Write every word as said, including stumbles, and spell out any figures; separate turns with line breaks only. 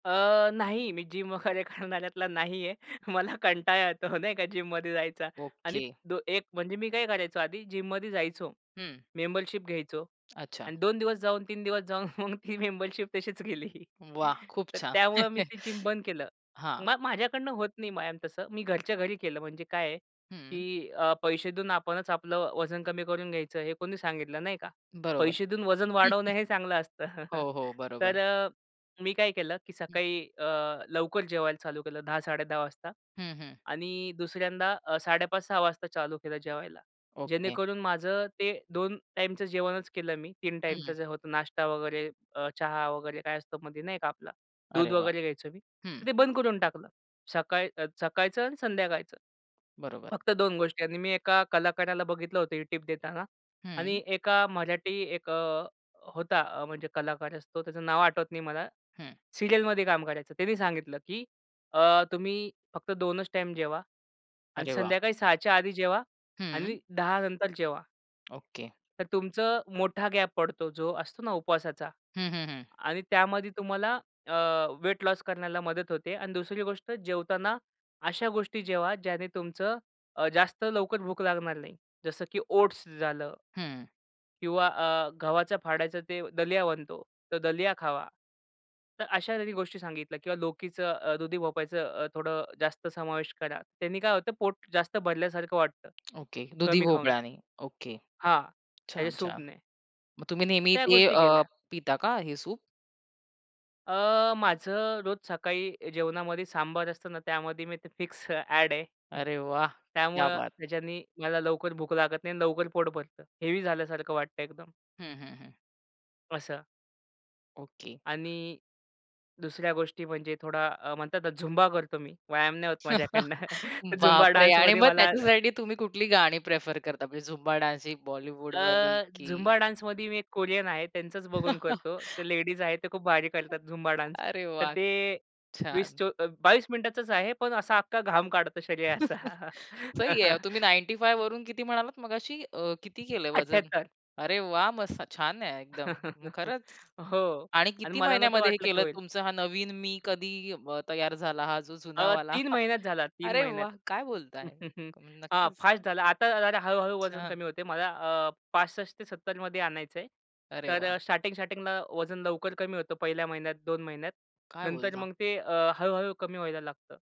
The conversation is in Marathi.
अ, नाही मी जिम वगैरे करणाऱ्यातला नाही आहे मला कंटाळा येतो नाही का जिममध्ये जायचा. आणि
ओके.
दो एक म्हणजे मी काय करायचो आधी जिममध्ये जायचो
हं.
मेंबरशिप घ्यायचो
अच्छा.
अन् दोन दिवस जाऊन तीन दिवस जाऊन मग ती मेंबरशिप तशीच गेली.
वाह! खूप
तर
छान.
त्यामुळं मी ते जिम बंद केलं.
हां.
मग माझ्याकडनं होत नाही मॅम तसं. मी घरच्या घरी केलं म्हणजे काय
हं.
की अ, पैसे देऊन आपणच आपलं वजन कमी करून घ्यायचं हे कोणी सांगितलं नाही का.
बरोबर.
पैसे देऊन वजन वाढवणं हे चांगलं असतं.
हो, हो. बरोबर.
तर अ, मी काय केलं की
हं.
सकाळी अ, लवकर जेवायला चालू केलं दहा साडे दहा वाजता
हं, हं.
आणि दुसऱ्यांदा अ, साडे पाच सहा वाजता चालू केलं जेवायला.
ओके.
जेणेकरून माझं ते दोन टाईमचं जेवणच केलं मी तीन टाईमचं
हं.
जे होतं, नाश्ता वगैरे अ, चहा वगैरे काय असतो मधी नाही का आपला. दूध
अरे वाह!
वगैरे घ्यायचो मी.
हं.
तर ते बंद करून टाकलं. सकाळ अ, सकाळचं आणि संध्याकाळचं.
बरोबर.
फक्त दोन गोष्टी आणि मी एका कलाकाराला बघितलं होतं ही टिप देताना
हं.
आणि एका मराठी एक अ, होता म्हणजे कलाकार असतो त्याचं नाव आठवत नाही मला
हं.
सीरियलमध्ये काम करायचं. त्यानी सांगितलं, की अ, तुम्ही फक्त दोनच टाईम जेवा आणि
अरे वाह!
संध्याकाळी सहाच्या आधी जेवा
हं.
आणि दहा नंतर जेवा.
ओके.
तर तुमचं मोठा गॅप पडतो जो असतो ना उपवासाचा
हं, हं, हं.
आणि त्यामध्ये तुम्हाला अ, वेट लॉस करण्याला मदत होते अन् दुसरी गोष्ट जेवताना अशा गोष्टी जेवा ज्याने तुमचं अ, जास्त लवकर भूक लागणार नाही. जसं की ओट्स झालं.
हं.
किंवा अ, गव्हाच्या फाडायचा ते दलिया बनतो तर दलिया खावा. तर अशा त्यांनी गोष्टी सांगितल्या किंवा लोकीचं अ, दुधी भोपळयाच अ, थोडं जास्त समावेश करा. त्यांनी काय होतं पोट जास्त भरल्यासारखं वाटतं
ओके. दुधी
कमी खाऊन.
भोपळ्यानी ओके.
हां, त्याच्या
छान, छान.
सूपने.
मग तुम्ही
तर
नेहमी
त्या
ते
गोष्टी
अ,
केल्या.
पिता का हे सूप?
अ, माझं रोज सकाळी जेवणामध्ये सांबार असतं ना त्यामध्ये मी ते फिक्स ॲड आहे
अरे वाह! क्या
त्यामुळं
बात है!
त्याच्यानी मला लवकर भूक लागत नाही आणि लवकर पोट भरतं हेवी झाल्यासारखं वाटत एकदम.
हं, हं, हं.
असं.
ओके.
आणि दुसऱ्या गोष्टी म्हणजे थोडा अ, म्हणतात झुंबा करतो मी व्यायाम नाही होत माझ्याकडनं, झुंबा
बाप रे! आणि
डान्समध्ये
मग
मला
त्याच्यासाठी तुम्ही कुठली गाणी प्रेफर करता म्हणजे झुंबा डान्सिंग बॉलिवूडवाली
अ,
की
झुंबा डान्समध्ये मी एक कोरियन आहे त्यांचंच बघून करतो. त्या लेडीज आहे त्या खूप भारी
अ
करतात झुंबा डान्स
अरे
तर
वाह!
ते वीस
छान.
चोवी बावीस मिनिटाचाच आहे. पण असा अख्खा घाम काढतो शरीराचा.
सही आहे. तुम्ही नाइन्टी फाइव्ह वरून किती म्हणालात मगाशी अ, किती केलं वजन
अठ्ठ्याहत्तर.
अरे वाह! मस्त छान आहे एकदम, खरंच
हो
आणि
आणि
किती
मला नव्हतं
महिन्यामध्ये हे
वाटलं की
केलत
होईल.
तुमचा हा नवीन मी कधी अ, तयार झाला? हा जो
अ,
जुनावाला
तीन महिन्यात झाला तीन
अरे वाह!
महिन्यात.
काय बोलताय
अ,
नक्कीच.
फास्ट झालं. आता जरा हळू-हळू वजन
छान.
कमी होतंय मला अ, पासष्ट ते सत्तरमध्ये आणायचंय.
अरे
तर
वाह!
अ स्टार्टिंग-स्टार्टिंगला वजन लवकर कमी होतं पहिल्या महिन्यात दोन महिन्यात
काय
नंतर
बोलता?
मग ते अ, हळू-हळू कमी व्हायला लागतं.